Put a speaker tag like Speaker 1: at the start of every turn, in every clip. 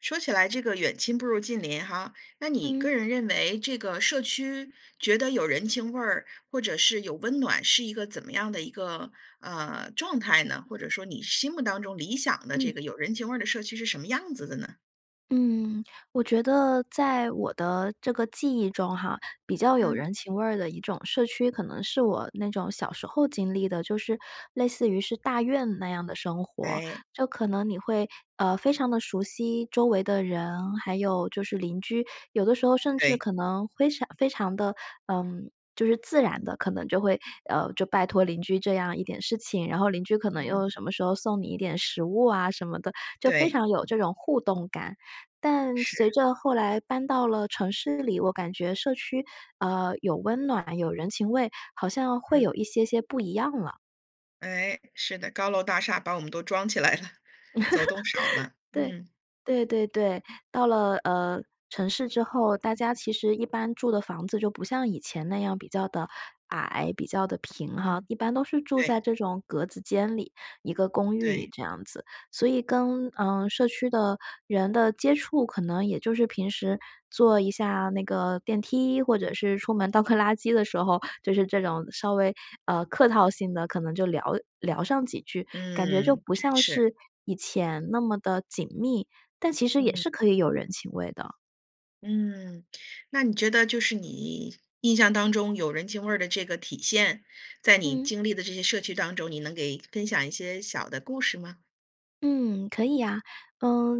Speaker 1: 说起来这个”远亲不如近邻“哈，那你个
Speaker 2: 嗯。
Speaker 1: 人认为这个社区觉得有人情味儿，或者是有温暖，是一个怎么样的一个，呃，状态呢？或者说你心目当中理想的这
Speaker 2: 嗯。
Speaker 1: 个有人情味儿的社区是什么样子的呢？
Speaker 2: 嗯。我觉得在我的这个记忆中哈，比较有
Speaker 1: 嗯。
Speaker 2: 人情味儿的一种社区，可能是我那种小时候经历的，就是类似于是大院那样的生活。
Speaker 1: 哎。
Speaker 2: 就可能你会，呃，非常地熟悉周围的人，还有就是邻居，有的时候甚至
Speaker 1: 对。
Speaker 2: 可能非常非常地，呃，就是自然地，可能就会，呃，就拜托邻居这样一点事情，然后邻居可能又什
Speaker 1: 嗯。
Speaker 2: 么时候送你一点食物啊什么的，就非
Speaker 1: 对。
Speaker 2: 常有这种互动感。但随
Speaker 1: 是。
Speaker 2: 着后来搬到了城市里，我感觉社区，呃，有温暖，有人情味，好像会
Speaker 1: 嗯。
Speaker 2: 有一些些不一样了。
Speaker 1: 哎，是的。高楼大厦把我们都装起来了，走动少了，
Speaker 2: 对，
Speaker 1: 嗯。
Speaker 2: 对对对，到了，呃，城市之后，大家其实一般住的房子就不像以前那样比较地矮，比较地平哈，
Speaker 1: 嗯，
Speaker 2: 一般都是住
Speaker 1: 对。
Speaker 2: 在这种格子间里，一个公寓
Speaker 1: 对。
Speaker 2: 这样子，所以跟，嗯，社区的人的接触，可能也就是平时坐一下那个电梯，或者是出门倒个垃圾的时候，就是这种稍微，呃，客套性地可能就聊聊上几句，感觉就
Speaker 1: 嗯，
Speaker 2: 不
Speaker 1: 真
Speaker 2: 像
Speaker 1: 是。
Speaker 2: 是以前那么地紧密。但其实也
Speaker 1: 嗯。
Speaker 2: 是可以有人情味的。
Speaker 1: 嗯，那你觉得就是你印象当中有人情味儿的这个体现，在你
Speaker 2: 嗯。
Speaker 1: 经历的这些社区当中，你能给分享一些小的故事吗？
Speaker 2: 嗯，可以呀，呃，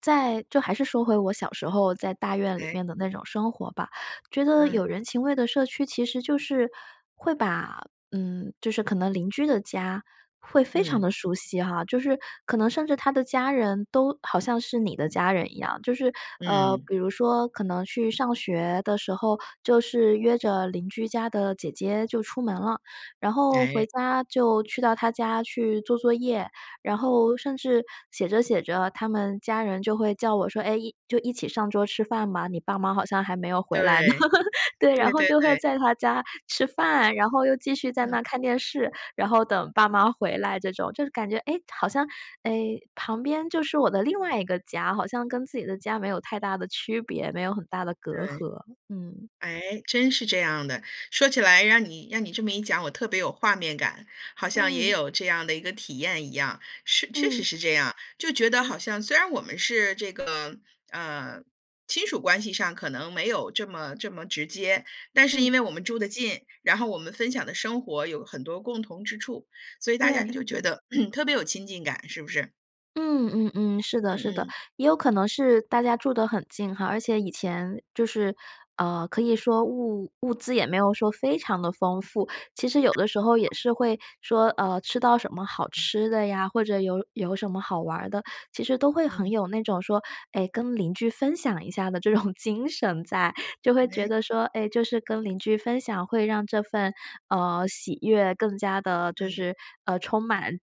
Speaker 2: 在就还是说回我小时候在大院里
Speaker 1: 哎。
Speaker 2: 面的那种生活吧。觉得
Speaker 1: 嗯。
Speaker 2: 有人情味的社区其实就是会把嗯，就是可能邻居的家，会非常
Speaker 1: 嗯。
Speaker 2: 地熟悉哈，就是可能甚至他的家人都好像是你的家人一样。就是，呃，
Speaker 1: 嗯。
Speaker 2: 比如说可能去上学的时候，就是约着邻居家的姐姐就出门了，然后
Speaker 1: 哎。
Speaker 2: 回家就去到她家去做作业，然后甚至写着写着他们家人就会叫我说：”哎，一就一起上桌吃饭吧，你爸妈好像还没有回来呢。
Speaker 1: 对，
Speaker 2: “对，然
Speaker 1: 对
Speaker 2: 后
Speaker 1: 对
Speaker 2: 就会
Speaker 1: 对。
Speaker 2: 在她家吃饭，然后又继续
Speaker 1: 嗯
Speaker 2: 在那儿
Speaker 1: 哼。
Speaker 2: 看电视，然后等爸妈回来这种。就是感觉，哎，好像，哎，旁边就是我的另外一个家，好像跟自己的家没有太大的区别，没有很大的隔
Speaker 1: 对，
Speaker 2: 阂。嗯。
Speaker 1: 诶，真是这样的，说起来让你让你这么一讲，我特别有画面感。好像也
Speaker 2: 嗯。
Speaker 1: 有这样的一个体验一样，是确实
Speaker 2: 嗯。
Speaker 1: 是这样，就觉得
Speaker 2: 嗯。
Speaker 1: 好像虽然我们是这个，呃，亲属关系上可能没有这么，这么直接，但是因
Speaker 2: 嗯。
Speaker 1: 为我们住得近，然后我们分享的生活有很多共同之处，所以大家
Speaker 2: 对。
Speaker 1: 就觉得 特别有亲近感，是不是？
Speaker 2: 嗯嗯嗯，是
Speaker 1: 嗯
Speaker 2: 的，是的，
Speaker 1: 嗯。
Speaker 2: 也有可能是大家住得很近哈，而且以前就是，呃，可以说物物资也没有说非常地丰富，其实有的时候也是会说，呃，吃到什么好吃的呀，或者有有什么好玩儿的，其实都会很
Speaker 1: 嗯。
Speaker 2: 有那种说哎，跟邻居分享一下的这种精神在，就会觉
Speaker 1: 诶？
Speaker 2: 得说，哎，就是跟邻居分享会让这份，呃，喜悦更加地就
Speaker 1: 嗯。
Speaker 2: 是，呃，充满，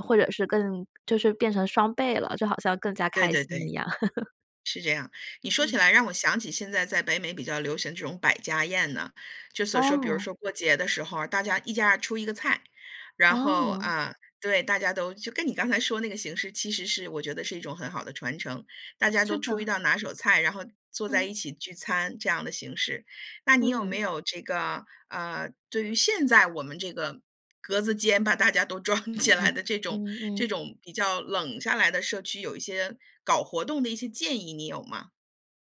Speaker 2: 或者是更就是变成双倍了，就好像更加
Speaker 1: 对
Speaker 2: 开
Speaker 1: 对
Speaker 2: 心一
Speaker 1: 对，
Speaker 2: 样。
Speaker 1: 是这样，你说起
Speaker 2: 嗯。
Speaker 1: 来让我想起现在在北美比较流行这种百家宴呐。就所说，比如
Speaker 2: 哦。
Speaker 1: 说过节的时候啊，大家一家出一个菜，然后，
Speaker 2: 哦。
Speaker 1: 呃，对，大家都，就跟你刚才说那个形式，其实是我觉得是一种很好的传承，大家都
Speaker 2: 是
Speaker 1: 出一
Speaker 2: 的。
Speaker 1: 道拿手菜，然后坐在
Speaker 2: 嗯。
Speaker 1: 一起聚餐这样的形式。那你有没
Speaker 2: 嗯。
Speaker 1: 有这个，呃，对于现在我们这个格子间把大家都装起来的这种，
Speaker 2: 嗯
Speaker 1: 这
Speaker 2: 嗯。
Speaker 1: 种比较冷下来的社区，有一些搞活动的一些建议，你有吗？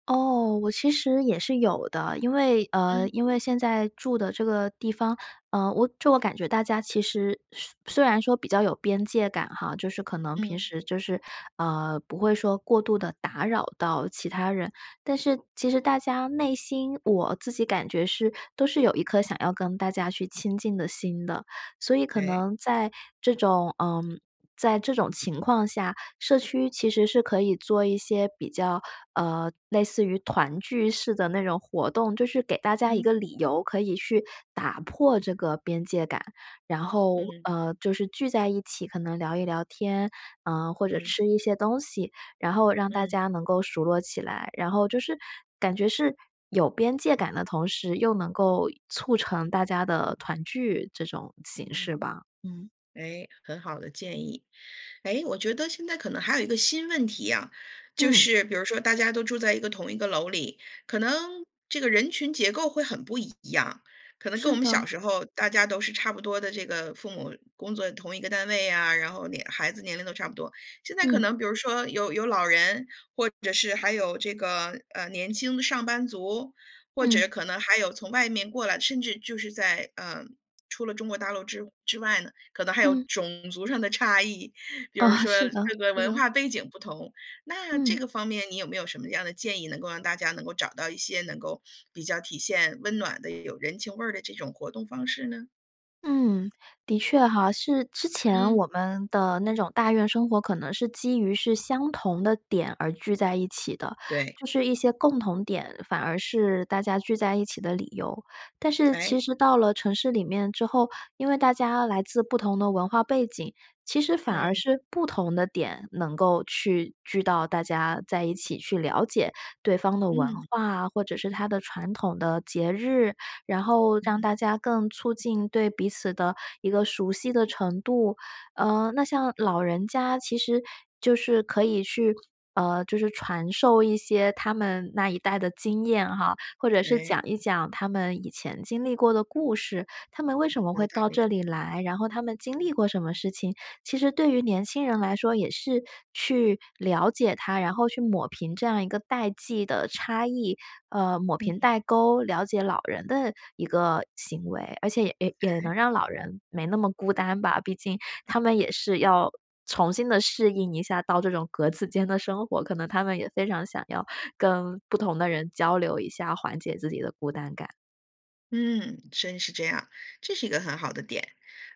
Speaker 2: 哦，我其实也是有的。因为，呃，
Speaker 1: 嗯。
Speaker 2: 因为现在住的这个地方，呃，我就我感觉大家其实虽虽然说比较有边界感哈，就是可能平
Speaker 1: 嗯。
Speaker 2: 时就是，呃，不会说过度地打扰到其他人，但是其实大家内心，我自己感觉是都是有一颗想要跟大家去亲近的心的。所以可
Speaker 1: 哎。
Speaker 2: 能在这种，嗯，在这种情况下，社区其实是可以做一些比较，呃，类似于团聚式的那种活动，就是给大家一
Speaker 1: 嗯。
Speaker 2: 个理由可以去打破这个边界感，然后，
Speaker 1: 嗯。
Speaker 2: 呃，就是聚在一起可能聊一聊天，呃，或者
Speaker 1: 嗯。
Speaker 2: 吃一些东西，然后让大
Speaker 1: 嗯。
Speaker 2: 家能够熟络起来。然后就是感觉是有边界感的同时又能够促成大家的团聚这种形式
Speaker 1: 嗯。
Speaker 2: 吧，嗯。
Speaker 1: 哎，很好的建议。哎，我觉得现在可能还有一个新问题呀。就
Speaker 2: 嗯。
Speaker 1: 是比如说大家都住在一个同一个楼里，可能这个人群结构会很不一样，可能跟
Speaker 2: 是
Speaker 1: 我们
Speaker 2: 的。
Speaker 1: 小时候大家都是差不多的这个父母工作同一个单位呀，然后年孩子年龄都差不多。现在可
Speaker 2: 嗯。
Speaker 1: 能比如说有有老人或者是还有这个，呃，年轻的上班族，或者
Speaker 2: 嗯。
Speaker 1: 可能还有从外面过来，甚至就是在，呃，除了中国大陆之之外呢？可能还有
Speaker 2: 嗯。
Speaker 1: 种族上的差异，比
Speaker 2: 哦，
Speaker 1: 如说
Speaker 2: 是的，
Speaker 1: 这个
Speaker 2: 是
Speaker 1: 文
Speaker 2: 的。
Speaker 1: 化背景不同，那这
Speaker 2: 嗯。
Speaker 1: 个方面你有没有什么样的建议，能够让大家能够找到一些，能够比较体现温暖的，也有人情味儿的这种活动方式呢？
Speaker 2: 嗯，的确哈，是之前我
Speaker 1: 嗯。
Speaker 2: 们的那种大院生活可能是基于是相同的点而聚在一起的，
Speaker 1: 对。
Speaker 2: 就是一些共同点，反而是大家聚在一起的理由。但 是
Speaker 1: 哎。
Speaker 2: 其实到了城市里面之后，因为大家来自不同的文化背景。其实反而
Speaker 1: 嗯。
Speaker 2: 是不同的点能够去聚到大家在一起去了解对方的文
Speaker 1: 嗯。
Speaker 2: 化啊，或者是它的传统的节日，然后让
Speaker 1: 嗯。
Speaker 2: 大家更促进对彼此的一个熟悉的程度。呃，那像老人家其实就是可以去，呃，就是传授一些他们那一代的经验哈，或者是
Speaker 1: 哎。
Speaker 2: 讲一讲他们以前经历过的故事。他们为什么
Speaker 1: 有
Speaker 2: 会
Speaker 1: 道
Speaker 2: 到
Speaker 1: 理。
Speaker 2: 这里来？然后他们经历过什么事情？其实对于年轻人来说也是去了解他，然后去抹平这样一个代际的差异，呃，抹平
Speaker 1: 嗯。
Speaker 2: 代沟，了解老人的一个行为。而且也也
Speaker 1: 哎。
Speaker 2: 能让老人没那么孤单吧，毕竟
Speaker 1: 嗯。
Speaker 2: 他们也是要重新地适应一下到这种格子间的生活，可能他们也非常想要跟不同的人交流一下，缓解自己的孤单感。
Speaker 1: 嗯，真是这样，这是一个很好的点。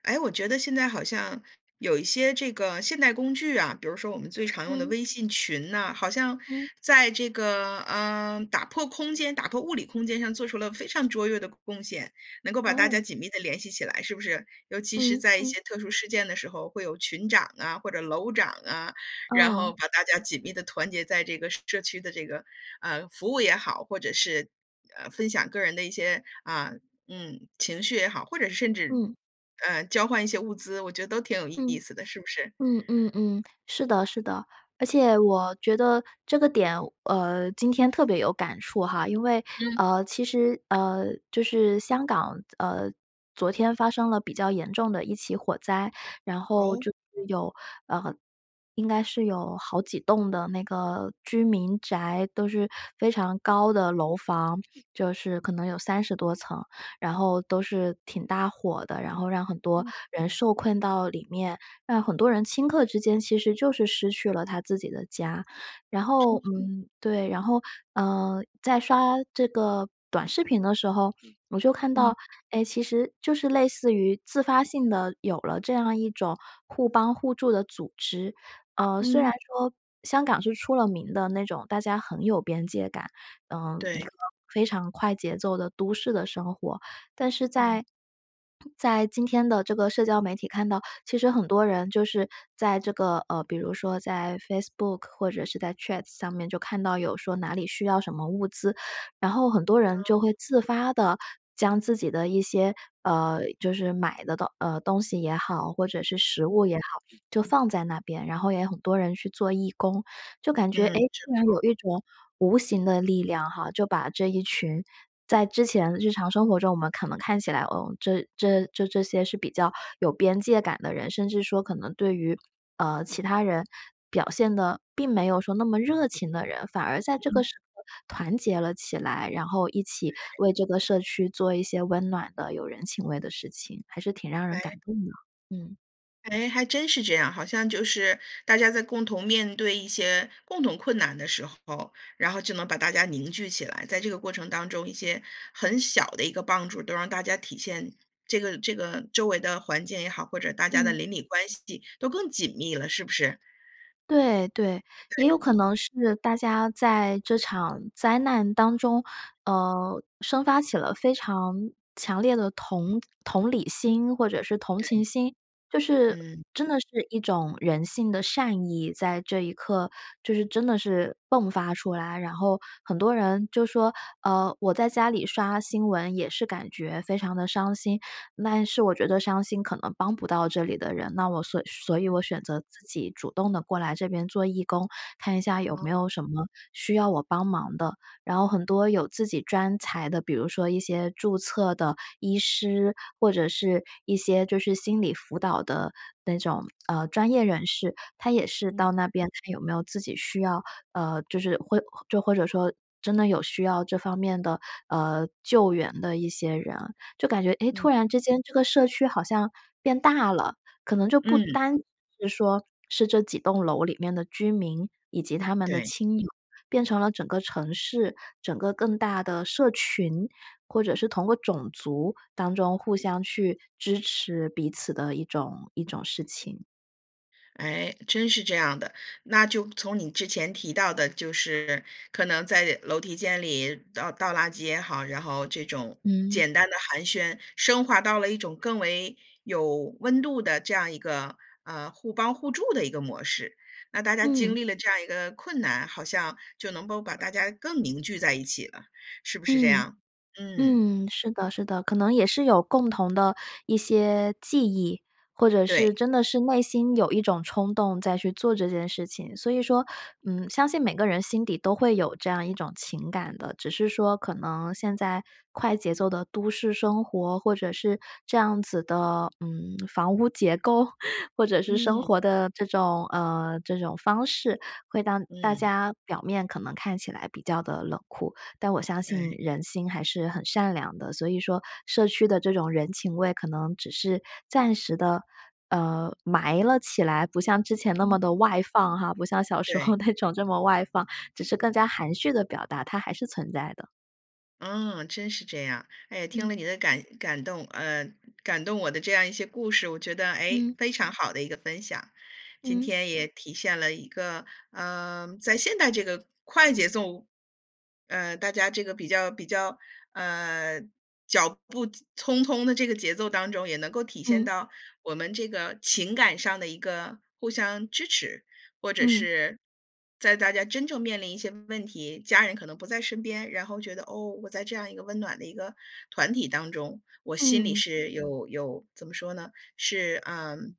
Speaker 1: 诶？我觉得现在好像有一些这个现代工具啊，比如说我们最常用的
Speaker 2: 嗯。
Speaker 1: 微信群呢，好像
Speaker 2: 嗯。
Speaker 1: 在这个，呃，打破空间，打破物理空间上做出了非常卓越的贡献，能够把大
Speaker 2: 哦。
Speaker 1: 家紧密地联系起来，是不是？尤其是
Speaker 2: 嗯，
Speaker 1: 在一
Speaker 2: 嗯。
Speaker 1: 些特殊事件的时候，会有群长啊，或者楼长啊，然后
Speaker 2: 嗯。
Speaker 1: 把大家紧密地团结在这个社区的这个，呃，服务也好，或者是，呃，分享个人的一些啊，嗯，情绪也好，或者是甚至，
Speaker 2: 嗯。
Speaker 1: 呃，交换一些物资，我觉得都挺有意
Speaker 2: 嗯，
Speaker 1: 思的，是不是？
Speaker 2: 嗯嗯嗯，是的，是的，而且我觉得这个点，呃，今天特别有感触哈，因为，
Speaker 1: 嗯。
Speaker 2: 呃，其实，呃，就是香港，呃，昨天发生了比较严重的一起火灾，然后
Speaker 1: 哦？
Speaker 2: 就是有，呃，应该是有好几栋的那个居民宅，都是非常高的楼房，就是可能有30多层，然后都是挺大火的，然后让很多
Speaker 1: 嗯。
Speaker 2: 人受困到里面，让很多人顷刻之间其实就是失去了他自己的家。然后
Speaker 1: 是。
Speaker 2: 嗯，对，然后，呃，在刷这个短视频的时候，我就看
Speaker 1: 嗯。
Speaker 2: 到，哎，其实就是类似于自发性的有了这样一种互帮互助的组织。呃，虽然
Speaker 1: 嗯。
Speaker 2: 说香港是出了名的那种，大家很有边界感，呃，一
Speaker 1: 对。
Speaker 2: 个非常快节奏的都市的生活，但是
Speaker 1: 嗯。
Speaker 2: 在，在今天的这个社交媒体看到，其实很多人就是在这个，呃，比如说在 Facebook 或者是在 Twitter 上面就看到有说哪里需要什么物资，然后很多人就会
Speaker 1: 哦。
Speaker 2: 自发地将自己的一些，呃，就是买的东呃，东西也好，或者是食
Speaker 1: 嗯。
Speaker 2: 物也好，就放在那边，然后也有很多人去做义工。就感觉，哎，
Speaker 1: 嗯。
Speaker 2: 竟然有一
Speaker 1: [unintelligible]
Speaker 2: 种无形的力量哈，就把这一群在之前日常生活中，我们可能看起来，呃，这这这这些是比较有边界感的人，甚至说可能对于，呃，其他人表现得并没有说那么热情的人，反而在这个
Speaker 1: 嗯。
Speaker 2: 时候团结了起来，然后一起
Speaker 1: 哎。
Speaker 2: 为这个社区做一些温暖的、有人情味的事情，还是挺让人感
Speaker 1: 哎。
Speaker 2: 动的，嗯。
Speaker 1: 哎，还真是这样。好像就是大家在共同面对一些共同困难的时候，然后就能把大家凝聚起来，在这个过程当中，一些很小的一个帮助都让大家体现，这个，这个周围的环境也好，或者大家的
Speaker 2: 嗯。
Speaker 1: 邻里关系都更紧密了，是不是？
Speaker 2: 对对，也有
Speaker 1: 对。
Speaker 2: 可能是大家在这场灾难当中，呃，生发起了非常强烈的同同理心，或者是同
Speaker 1: 对。
Speaker 2: 情心。就是
Speaker 1: 嗯。
Speaker 2: 真的是一种人性的善意，在这一刻就是真的是迸发出来，然后很多人就说，呃，我在家里刷新闻也是感觉非常地伤心，但是我觉得伤心可能帮不到这里的人，那我所所以我
Speaker 1: 嗯。
Speaker 2: 选择自己主动地过来这边做义工，看一下有没
Speaker 1: 哦。
Speaker 2: 有什么需要我帮忙的，然后很多有自己专才的，比如说一些注册的医师，或者是一些就是心理辅导的那种，呃，专业人士，他也是
Speaker 1: 嗯。
Speaker 2: 到那边看有没有自己需要，呃，就是会就或者说真的有需要这方面的，呃，救援的一些人。就感觉，诶，突
Speaker 1: 嗯。
Speaker 2: 然之间这个社区好像变大了，可能就不
Speaker 1: 嗯。
Speaker 2: 单是说是这几栋楼里面的居民以及他们的
Speaker 1: 对。
Speaker 2: 亲友，变成了整个城市，整个更大的社群，或者是通过种族当中互相去支持彼此的一种，一种事情。
Speaker 1: 哎，真是这样的，那就从你之前提到的就是可能在楼梯间里倒倒垃圾也好，然后这种
Speaker 2: 嗯。
Speaker 1: 简单的寒暄，升华到了一种更为有温度的这样一个，呃，互帮互助的一个模式。那大家经
Speaker 2: 嗯。
Speaker 1: 历了这样一个困难，好像就能够把大家更凝聚在一起了，是不是这
Speaker 2: 嗯，
Speaker 1: 样？嗯。
Speaker 2: 嗯，是的，是的。可能也是有共同的一些记忆，或者是
Speaker 1: 对。
Speaker 2: 真的是内心有一种冲动再去做这件事情。所以说，嗯，相信每个人心底都会有这样一种情感的，只是说可能现在快节奏的都市生活，或者是这样子的，嗯，房屋结构，或者是生
Speaker 1: 嗯。
Speaker 2: 活的这种，呃，这种方式，会让大
Speaker 1: 嗯。
Speaker 2: 家表面可能看起来比较地冷酷，但我相
Speaker 1: 哎。
Speaker 2: 信人心还是很善良的。所以说社区的这种人情味可能只是暂时地，呃，埋了起来，不像之前那
Speaker 1: 嗯。
Speaker 2: 么地外放哈，不像小时
Speaker 1: 对。
Speaker 2: 候那种这么外放，只是更加含蓄地表达，它还是存在的。
Speaker 1: 嗯，真是这样。哎，听
Speaker 2: 嗯。
Speaker 1: 了你的感感动，呃，感动我的这样一些故事，我觉得，诶，
Speaker 2: 嗯。
Speaker 1: 非常好的一个分享。今
Speaker 2: 嗯。
Speaker 1: 天也体现了一个，呃，在现代这个快节奏，呃，大家这个比较，比较，呃，脚步匆匆的这个节奏当中，也能够体现
Speaker 2: 嗯。
Speaker 1: 到我们这个情感上的一个互相支持。或者
Speaker 2: 嗯。
Speaker 1: 是在大家真正面临一些问题，家人可能不在身边，然后觉得，哦，我在这样一个温暖的一个团体当中，我心里
Speaker 2: 嗯。
Speaker 1: 是有有，怎么说呢？是，嗯，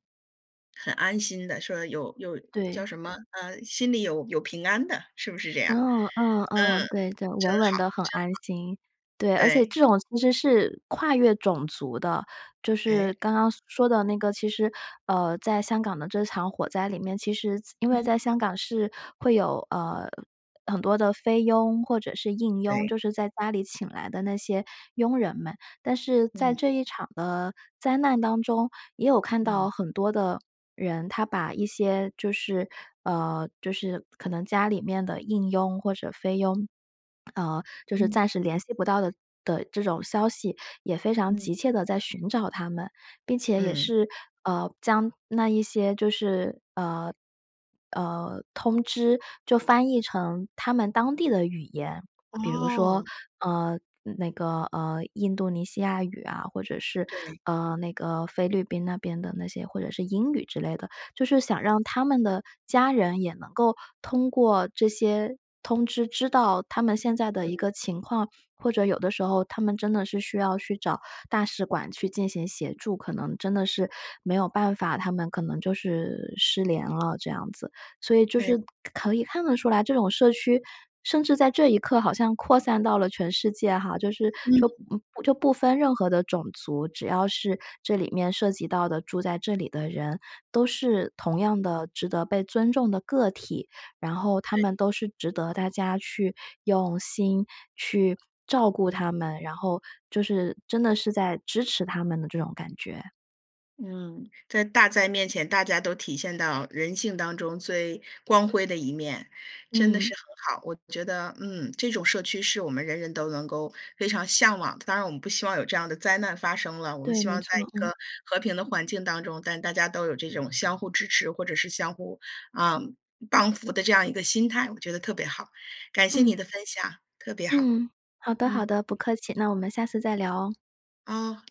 Speaker 1: 很安心的，说有有叫
Speaker 2: 对。
Speaker 1: 什么，呃，心里有有平安的，是不是这样？
Speaker 2: 嗯嗯嗯，
Speaker 1: 嗯，
Speaker 2: 对对，
Speaker 1: 真
Speaker 2: 稳稳
Speaker 1: 好，
Speaker 2: 的很安心。对，
Speaker 1: 真
Speaker 2: 而且
Speaker 1: 好，对。
Speaker 2: 这种其实是跨越种族的。就
Speaker 1: 哎。
Speaker 2: 是刚刚说的那个，其实，呃，在香港的这场火灾里面，其实在因为
Speaker 1: 嗯。
Speaker 2: 在香港是会有，呃，很多的菲佣或者是印佣，
Speaker 1: 对。
Speaker 2: 就是在家里请来的那些佣人们。但是在
Speaker 1: 嗯。
Speaker 2: 这一场的灾难当中，也有看
Speaker 1: 嗯。
Speaker 2: 到很多的人，他把一些就是，呃，就是可能家里面的印佣或者菲佣，呃，就是
Speaker 1: 嗯。
Speaker 2: 暂时联系不到的的这种消息，也非常
Speaker 1: 嗯。
Speaker 2: 急切地在寻找他们，并且也
Speaker 1: 嗯。
Speaker 2: 是，呃，将那一些就是，呃，呃，通知，就翻译成他们当地的语言。比如说，
Speaker 1: 哦。
Speaker 2: 呃，那个，呃，印度尼西亚语啊，或者是，
Speaker 1: 对。
Speaker 2: 呃，那个菲律宾那边的那些或者是英语之类的。就是想让他们的家人也能够通过这些通知知道他们现在的一
Speaker 1: 嗯。
Speaker 2: 个情况，或者有的时候他们真的是需要去找大使馆去进行协助，可能真的是没有办法，他们可能就是失联了这样子。所以就
Speaker 1: 对。
Speaker 2: 是可可以看得出来，这种社区甚至在这一刻好像扩散到了全世界哈，就是说
Speaker 1: 嗯。
Speaker 2: 嗯，不就不分任何的种族，只要是这里面涉及到的住在这里的人，都是同样的值得被尊重的个体。然后他
Speaker 1: 对。
Speaker 2: 们都是值得大家去用心去照顾他们，然后，就是真的是在支持他们的这种感觉。
Speaker 1: 嗯，在大灾面前，大家都体现到人性当中最光辉的一面，真的
Speaker 2: 嗯。
Speaker 1: 是很好。我觉得，嗯，这种社区是我们人人都能够非常向往的。当然，我们不希望有这样的灾难发生了。我们
Speaker 2: 对，
Speaker 1: 希
Speaker 2: 没
Speaker 1: 望在
Speaker 2: 错，
Speaker 1: 一
Speaker 2: 嗯。
Speaker 1: 个和平的环境当中，但大家都有这种相互支持，或者是相互，啊，帮扶的这样一个心态，我觉得特别好。感谢你
Speaker 2: 嗯。
Speaker 1: 的分享，特别好，
Speaker 2: 嗯，好的，好
Speaker 1: 嗯。
Speaker 2: 的，不客气，那我们下次再聊哦。
Speaker 1: 哦。